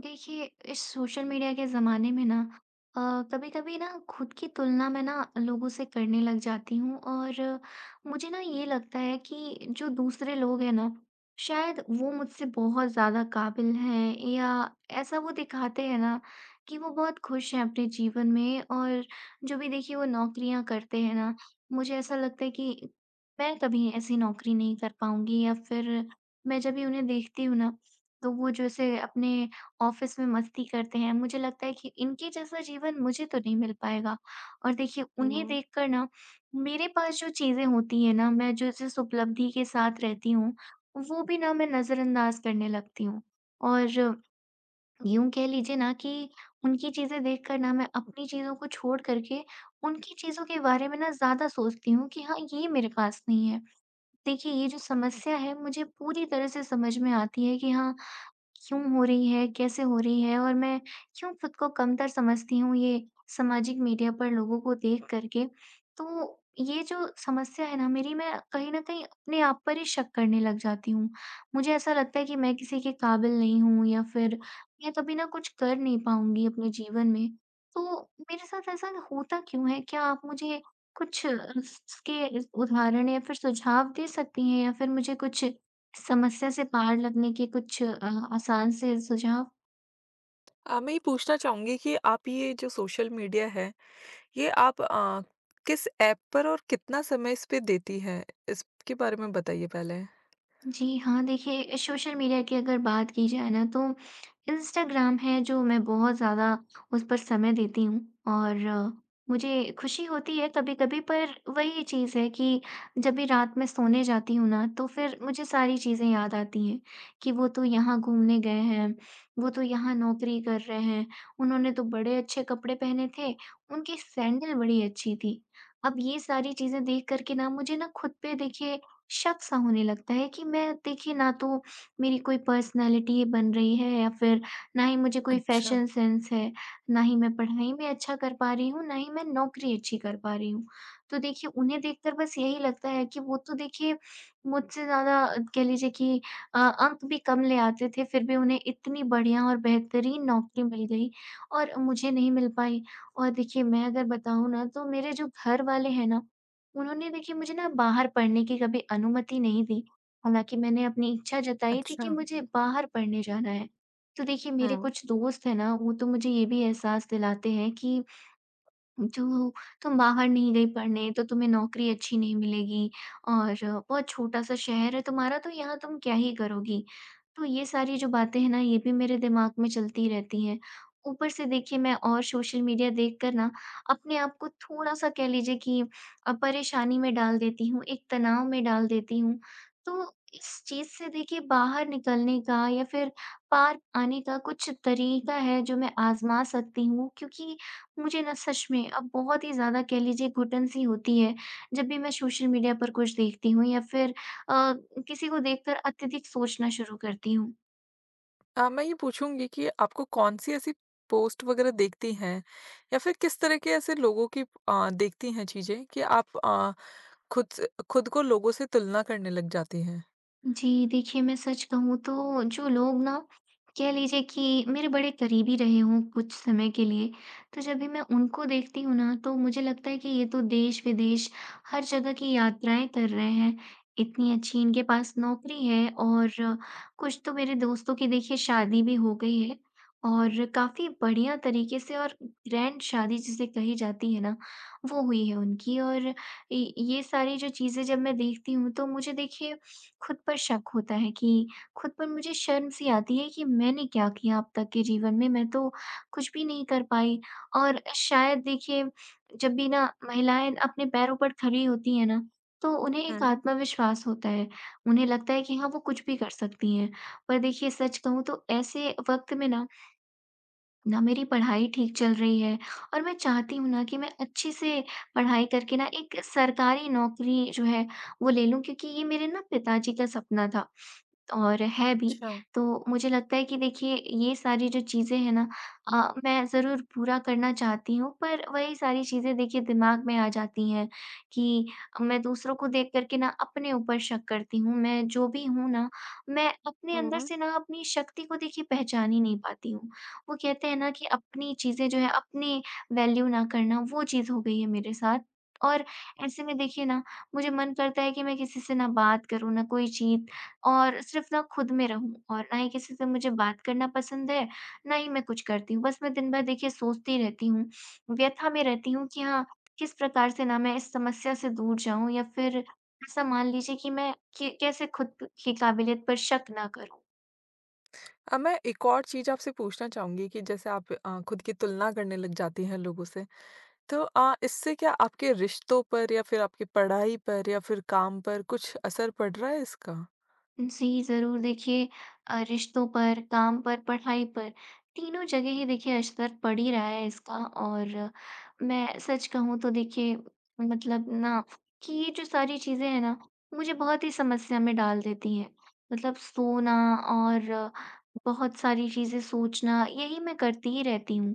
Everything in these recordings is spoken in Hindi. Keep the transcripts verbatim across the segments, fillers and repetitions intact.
देखिए, इस सोशल मीडिया के ज़माने में ना अ, कभी-कभी ना, खुद की तुलना, मैं ना लोगों से करने लग जाती हूँ, और मुझे ना, ये लगता है कि जो दूसरे लोग हैं ना, शायद वो मुझसे बहुत ज़्यादा काबिल हैं, या ऐसा वो दिखाते हैं ना कि वो बहुत खुश हैं अपने जीवन में। और जो भी देखिए, वो नौकरियाँ करते हैं ना, मुझे ऐसा लगता है कि मैं कभी ऐसी नौकरी नहीं कर पाऊँगी, या फिर, मैं जब भी उन्हें देखती हूँ ना, तो वो जो ऐसे अपने ऑफ़िस में मस्ती करते हैं, मुझे लगता है कि इनके जैसा जीवन मुझे तो नहीं मिल पाएगा। और देखिए, उन्हें हुँ। देख कर ना, मेरे पास जो चीज़ें होती हैं ना, मैं जो जिस उपलब्धि के साथ रहती हूँ, वो भी ना, मैं नज़रअंदाज करने लगती हूँ। और यूँ कह लीजिए ना कि उनकी चीज़ें देखकर ना, मैं अपनी चीज़ों को छोड़ कर के उनकी चीज़ों के बारे में ना, ज़्यादा सोचती हूँ कि हाँ, ये मेरे पास नहीं है। देखिए, ये जो समस्या है, मुझे पूरी तरह से समझ में आती है कि हाँ, क्यों हो रही है? कैसे हो रही है और मैं क्यों खुद को कमतर समझती हूँ? ये सामाजिक मीडिया पर लोगों को देख कर के। तो ये जो समस्या है ना मेरी, मैं कहीं न कहीं अपने आप पर ही शक करने लग जाती हूँ। मुझे ऐसा लगता है कि मैं किसी के काबिल नहीं हू, या फिर मैं कभी ना कुछ कर नहीं पाऊँगी अपने जीवन में। तो मेरे साथ ऐसा होता क्यों है? क्या आप मुझे कुछ इस इसके अ, उदाहरण या फिर सुझाव दे सकतीं हैं या फिर मुझे कुछ समस्या से पार लगने के कुछ अ, आसान से सुझाव? अ, मैं ये पूछना चाहूँगी कि आप ये जो सोशल मीडिया है ये आप अ, किस ऐप पर और कितना समय इस पे देती हैं? इसके बारे में बताइए पहले। जी हाँ, देखिए सोशल मीडिया की अगर बात की जाए ना तो इंस्टाग्राम है जो मैं बहुत ज़्यादा उस पर समय देती हूँ, और मुझे खुशी होती है कभी-कभी पर वही चीज़ है कि जब भी रात में सोने जाती हूँ ना तो फिर मुझे सारी चीज़ें याद आती हैं, कि वो तो यहाँ घूमने गए हैं, वो तो यहाँ नौकरी कर रहे हैं, उन्होंने तो बड़े अच्छे कपड़े पहने थे, उनकी सैंडल बड़ी अच्छी थी, अब ये सारी चीज़ें देख कर के ना मुझे ना ख़ुद पे देखिए शक-सा होने लगता है कि मैं देखिए ना तो मेरी कोई पर्सनैलिटी बन रही है या फिर ना ही मुझे कोई अच्छा। फैशन सेंस है, ना ही मैं पढ़ने में अच्छा कर पा रही हूँ, ना ही मैं नौकरी अच्छी कर पा रही हूँ। तो देखिए उन्हें देखकर बस यही लगता है कि वो तो देखिए मुझसे ज़्यादा कह लीजिए कि अ, अंक भी कम ले आते थे फिर भी उन्हें इतनी बढ़िया और बेहतरीन नौकरी मिल गई और मुझे नहीं मिल पाई और देखिए मैं अगर बताऊँ ना तो मेरे जो घर वाले हैं ना उन्होंने देखिए मुझे ना बाहर पढ़ने की कभी अनुमति नहीं दी, हालाँकि मैंने अपनी इच्छा जताई थी कि अच्छा। मुझे बाहर पढ़ने जाना है। तो देखिए मेरे हाँ। कुछ दोस्त हैं ना वो तो मुझे ये भी एहसास दिलाते हैं कि, "जो तुम बाहर नहीं गई पढ़ने तो तुम्हें नौकरी अच्छी नहीं मिलेगी और बहुत छोटा-सा शहर है तुम्हारा तो यहाँ तुम क्या ही करोगी?" तो ये सारी जो बातें हैं ना ये भी मेरे दिमाग़ में चलती रहती हैं, ऊपर से देखिए मैं और सोशल मीडिया देख कर ना अपने आप को थोड़ा-सा कह लीजिए कि अ, परेशानी में डाल देती हूँ, एक तनाव में डाल देती हूँ। तो इस चीज़ से देखिए बाहर निकलने का या फिर पार आने का कुछ तरीका है जो मैं आज़मा सकती हूँ क्योंकि मुझे ना सच में अब बहुत ही ज़्यादा कह लीजिए घुटन-सी होती है, जब भी मैं सोशल मीडिया पर कुछ देखती हूँ या फिर अ, किसी को देखकर अत्यधिक सोचना शुरू करती हूँ। अ, मैं ये पूछूँगी कि आपको कौन-सी ऐसी पोस्ट वग़ैरह देखती हैं या फिर किस तरह के ऐसे लोगों की अ, देखती हैं चीज़ें कि आप अ, खुद स खुद को लोगों से तुलना करने लग जाती हैं। जी देखिए मैं सच कहूँ तो जो लोग ना, कह लीजिए कि मेरे बड़े करीबी रहे हों कुछ समय के लिए तो जब भी मैं उनको देखती हूँ ना तो मुझे लगता है कि ये तो देश-विदेश हर जगह की यात्राएँ कर रहे हैं। इतनी अच्छी इनके पास नौकरी है और कुछ तो मेरे दोस्तों की देखिए शादी भी हो गई है और काफ़ी बढ़िया तरीके से और ग्रैंड शादी जिसे कही जाती है ना, वो हुई है उनकी और ये ये सारी जो चीज़ें जब मैं देखती हूँ तो मुझे देखिए ख़ुद पर शक होता है कि खुद पर मुझे शर्म-सी आती है कि मैंने क्या किया अब तक के जीवन में? मैं तो कुछ भी नहीं कर पाई और शायद देखिए जब भी ना महिलाएँ अपने पैरों पर खड़ी होती है ना तो उन्हें एक हुँ। आत्मविश्वास होता है, उन्हें लगता है कि हाँ, वो कुछ भी कर सकती हैं, पर देखिए सच कहूँ तो ऐसे वक़्त में ना ना मेरी पढ़ाई ठीक चल रही है और मैं चाहती हूँ ना कि मैं अच्छे से पढ़ाई करके ना एक सरकारी नौकरी जो है वो ले लूँ क्योंकि ये मेरे ना पिताजी का सपना था और है भी। अच्छा। तो मुझे लगता है कि देखिए ये सारी जो चीज़ें हैं ना अ, मैं ज़रूर पूरा करना चाहती हूँ, पर वही सारी चीज़ें देखिए दिमाग़ में आ जाती हैं कि अ, मैं दूसरों को देख कर के ना अपने ऊपर शक करती हूँ। मैं जो भी हूँ ना मैं अपने हुँ, अंदर हुँ। से ना अपनी शक्ति को देखिए पहचान ही नहीं पाती हूँ, वो कहते हैं ना कि अपनी चीज़ें जो हैं अपनी वैल्यू ना करना, वो चीज़ हो गई है मेरे साथ और ऐसे में देखिए ना मुझे मन करता है कि मैं किसी से ना बात करूँ, ना कोई चीत और सिर्फ़ ना ख़ुद में रहूँ, और ना ही किसी से मुझे बात करना पसंद है, ना ही मैं कुछ करती हूँ, बस मैं दिन भर देखिए सोचती रहती हूँ, व्यथा में रहती हूँ कि हाँ, किस प्रकार से ना मैं इस समस्या से दूर जाऊँ या फिर ऐसा मान लीजिए कि मैं कि कैसे ख़ुद की काबिलियत पर शक ना करूँ। अब मैं एक और चीज़ आपसे पूछना चाहूँगी कि जैसे आप अ, ख़ुद की तुलना करने लग जाती हैं लोगों से, तो अ, इससे क्या आपके रिश्तों पर या फिर आपकी पढ़ाई पर या फिर काम पर कुछ असर पड़ रहा है इसका? जी, ज़रूर देखिए अ, रिश्तों पर, काम पर, पढ़ाई पर, तीनों जगह ही देखिए असर पड़ ही रहा है इसका और मैं सच कहूँ तो देखिए मतलब ना कि ये जो सारी चीज़ें हैं ना, मुझे बहुत ही समस्या में डाल देती हैं मतलब सोना और बहुत सारी चीज़ें सोचना, यही मैं करती ही रहती हूँ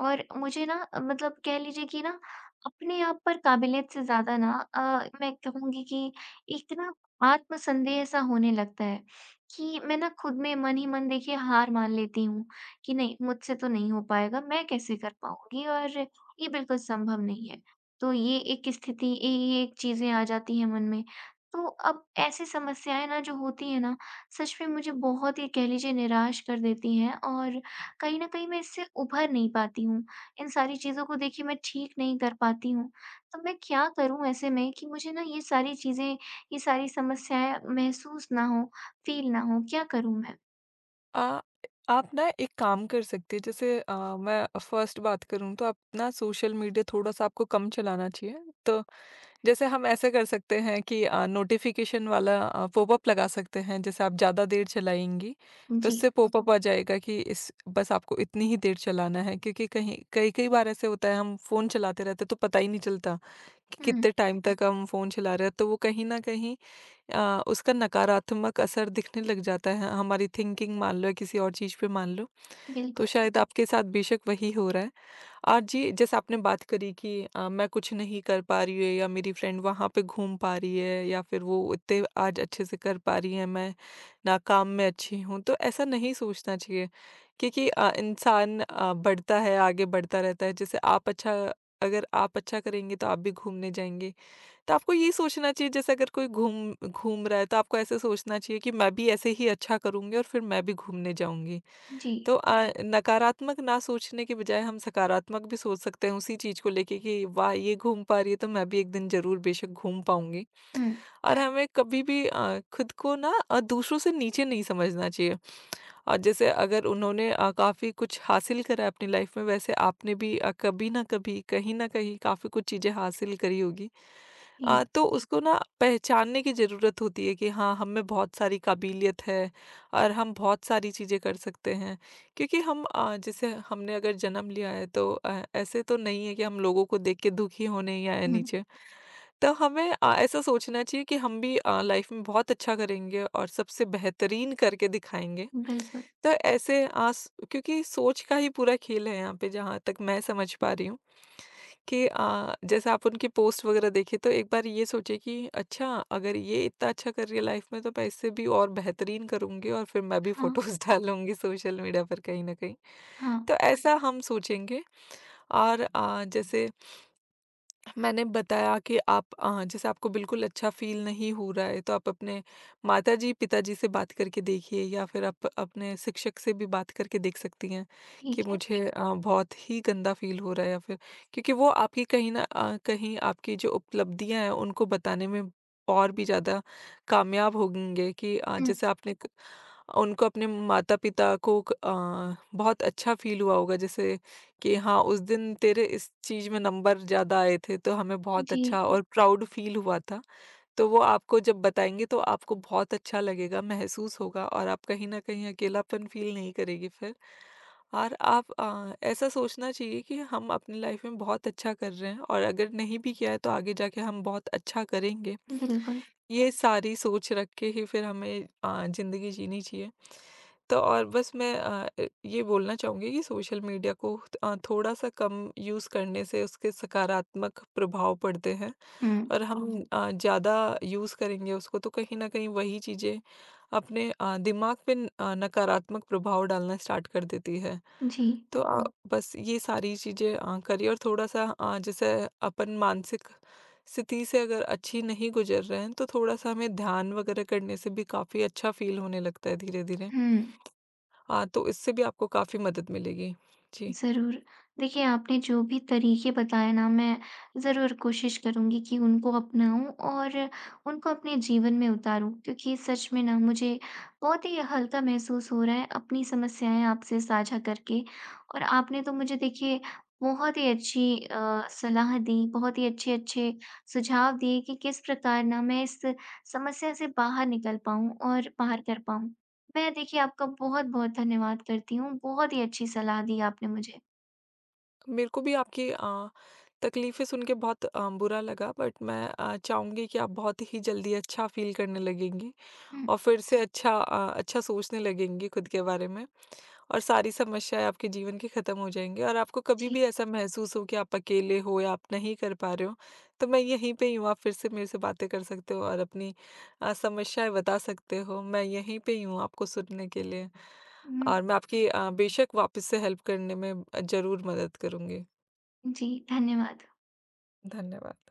।और मुझे ना मतलब कह लीजिए कि ना अपने आप पर काबिलियत से ज़्यादा ना अ, मैं कहूँगी कि एक ना आत्मसन्देह ऐसा होने लगता है, कि मैं ना खुद में मन ही मन देखिए हार मान लेती हूँ, कि नहीं, मुझसे तो नहीं हो पाएगा, मैं कैसे कर पाऊँगी और ये बिल्कुल संभव नहीं है। तो ये एक स्थिति, इ ये एक चीज़ें आ जाती हैं मन में, तो अब ऐसी समस्याएँ ना जो होती हैं ना, सच में मुझे बहुत ही कह लीजिए निराश कर देती हैं और कहीं न कहीं मैं इससे उभर नहीं पाती हूँ, इन सारी चीज़ों को देखिए मैं ठीक नहीं कर पाती हूँ, तो मैं क्या करूँ ऐसे में कि मुझे ना ये सारी चीज़ें, ये सारी समस्याएँ महसूस ना हो, फ़ील ना हो क्या करूँ मैं? अ, आप ना एक काम कर सकते हैं। जैसे अ, मैं फर्स्ट बात करूँ तो आप ना सोशल मीडिया थोड़ा-सा आपको कम चलाना चाहिए। तो जैसे हम ऐसे कर सकते हैं कि अ, नोटिफिकेशन वाला अ, पॉपअप लगा सकते हैं। जैसे आप ज़्यादा देर चलाएँगी तो जी। इससे पॉपअप आ जाएगा कि इस बस आपको इतनी ही देर चलाना है। क्योंकि कहीं कई-कई बार ऐसा होता है हम फ़ोन चलाते रहते हैं तो पता ही नहीं चलता कि हुँ। कितने टाइम तक हम फ़ोन चला रहे हैं। तो वो कहीं न कहीं अ, उसका नकारात्मक असर दिखने लग जाता है। हमारी थिंकिंग मान लो या किसी और चीज़ पे मान लो। तो बिल्कुल। शायद आपके साथ बेशक वही हो रहा है। आज जी जैसे आपने बात करी कि अ, मैं कुछ नहीं कर पा रही हूँ। या मेरी फ्रेंड वहाँ पे घूम पा रही है। या फिर वो इतने आज अच्छे से कर पा रही है। मैं ना काम में अच्छी हूँ तो ऐसा नहीं सोचना चाहिए क्योंकि अ, इंसान अ, बढ़ता है आगे बढ़ता रहता है जैसे आप अच्छा अगर आप अच्छा करेंगे तो आप भी घूमने जाएँगे। तो आपको ये सोचना चाहिए जैसे अगर कोई घूम घूम रहा है तो आपको ऐसे सोचना चाहिए कि मैं भी ऐसे ही अच्छा करूँगी और फिर मैं भी घूमने जाऊँगी। जी। तो अ, नकारात्मक ना सोचने के बजाय हम सकारात्मक भी सोच सकते हैं उसी चीज को लेके कि वाह! ये घूम पा रही है तो मैं भी एक दिन ज़रूर बेशक घूम पाऊँगी। हुँ। और हमें कभी भी अ, खुद को ना अ, दूसरों से नीचे नहीं समझना चाहिए। अ, जैसे अगर उन्होंने अ, काफ़ी कुछ हासिल करा है अपनी लाइफ में वैसे आपने भी अ, कभी न कभी कहीं ना कहीं काफ़ी कुछ चीजें हासिल करी होगी। अ, जी। तो उसको ना पहचानने की ज़रूरत होती है कि हाँ हमें बहुत सारी काबिलियत है। और हम बहुत सारी चीज़ें कर सकते हैं। क्योंकि हम अ, जैसे हमने अगर जन्म लिया है तो अ, ऐसे तो नहीं है कि हम लोगों को देख के दुखी होने ही आए हुँ। नीचे। तो हमें अ, ऐसा सोचना चाहिए कि हम भी अ, लाइफ में बहुत अच्छा करेंगे और सबसे बेहतरीन करके दिखाएँगे। बिल्कुल। तो ऐसे आस क्योंकि सोच का ही पूरा खेल है यहाँ पर जहाँ तक मैं समझ पा रही हूँ कि अ, जैसे आप उनके पोस्ट वगैरह देखे तो एक बार ये सोचिए कि अच्छा अगर ये इतना अच्छा कर रही है लाइफ में तो पैसे भी और बेहतरीन करूँगी और फिर मैं भी हाँ। फोटोज़ डालूँगी सोशल मीडिया पर कहीं न कहीं। हाँ। तो ऐसा हम सोचेंगे। और अ, जैसे मैंने बताया कि आप अ, जैसे आपको बिल्कुल अच्छा फील नहीं हो रहा है तो आप अपने माताजी-पिताजी से बात करके देखिए या फिर आप अपने शिक्षक से भी बात करके देख सकती हैं, कि ठीक है। मुझे अ, बहुत ही गंदा फील हो रहा है। या फिर क्योंकि वो आपकी कहीं न अ, कहीं आपकी जो उपलब्धियाँ हैं उनको बताने में और भी ज़्यादा कामयाब होंगे कि अ, हुँ। जैसे आपने उनको अपने माता-पिता को अ, बहुत अच्छा फील हुआ होगा। जैसे कि हाँ उस दिन तेरे इस चीज़ में नंबर ज़्यादा आए थे तो हमें बहुत जी। अच्छा और प्राउड फील हुआ था। तो वो आपको जब बताएँगे तो आपको बहुत अच्छा लगेगा महसूस होगा और आप कहीं न कहीं अकेलापन फील नहीं करेगी फिर। और आप अ, ऐसा सोचना चाहिए कि हम अपनी लाइफ में बहुत अच्छा कर रहे हैं। और अगर नहीं भी किया है तो आगे जाकर हम बहुत अच्छा करेंगे। बिल्कुल। ये सारी सोच रख के ही फिर हमें अ, ज़िंदगी जीनी चाहिए। तो और बस मैं अ, ये बोलना चाहूँगी कि सोशल मीडिया को अ, थोड़ा-सा कम यूज़ करने से उसके सकारात्मक प्रभाव पड़ते हैं हुँ। और हम अ, ज़्यादा यूज़ करेंगे उसको तो कहीं न कहीं वही चीज़ें अपने अ, दिमाग में अ, नकारात्मक प्रभाव डालना स्टार्ट कर देती है। जी। तो अ, बस ये सारी चीज़ें अ, करिए और थोड़ा-सा अ, जैसे अपन मानसिक स्थिति से अगर अच्छी नहीं गुजर रहे हैं तो थोड़ा-सा हमें ध्यान वगैरह करने से भी काफ़ी अच्छा फील होने लगता है धीरे-धीरे। हुँ। हाँ तो इससे भी आपको काफ़ी मदद मिलेगी, जी। ज़रूर। देखिए आपने जो भी तरीके बताए ना मैं ज़रूर कोशिश करूंगी कि उनको अपनाऊँ और उनको अपने जीवन में उतारूँ क्योंकि सच में ना मुझे बहुत ही हल्का महसूस हो रहा है अपनी समस्याएँ आपसे साझा करके। और आपने तो मुझे देखिए बहुत ही अच्छी अ, सलाह दी बहुत ही अच्छे-अच्छे सुझाव दिए कि किस प्रकार ना मैं इस समस्या से बाहर निकल पाऊँ और बाहर कर पाऊँ। मैं देखिए आपका बहुत-बहुत धन्यवाद करती हूँ। बहुत ही अच्छी सलाह दी आपने मुझे। मेरे को भी आपकी अ, तकलीफें सुन के बहुत अ, बुरा लगा बट मैं अ, चाहूँगी कि आप बहुत ही जल्दी अच्छा फील करने लगेंगी हुँ। और फिर से अच्छा अ, अच्छा सोचने लगेंगी खुद के बारे में और सारी समस्याएँ आपके जीवन की खत्म हो जाएँगी। और आपको कभी जी। भी ऐसा महसूस हो कि आप अकेले हो या आप नहीं कर पा रहे हो, तो मैं यहीं पे ही हूँ आप फिर से मेरे से बातें कर सकते हो और अपनी अ, समस्याएँ बता सकते हो। मैं यहीं पे ही हूँ आपको सुनने के लिए। हुँ। और मैं आपकी अ, बेशक वापस से हेल्प करने में अ, ज़रूर मदद करूँगी। जी, धन्यवाद। धन्यवाद।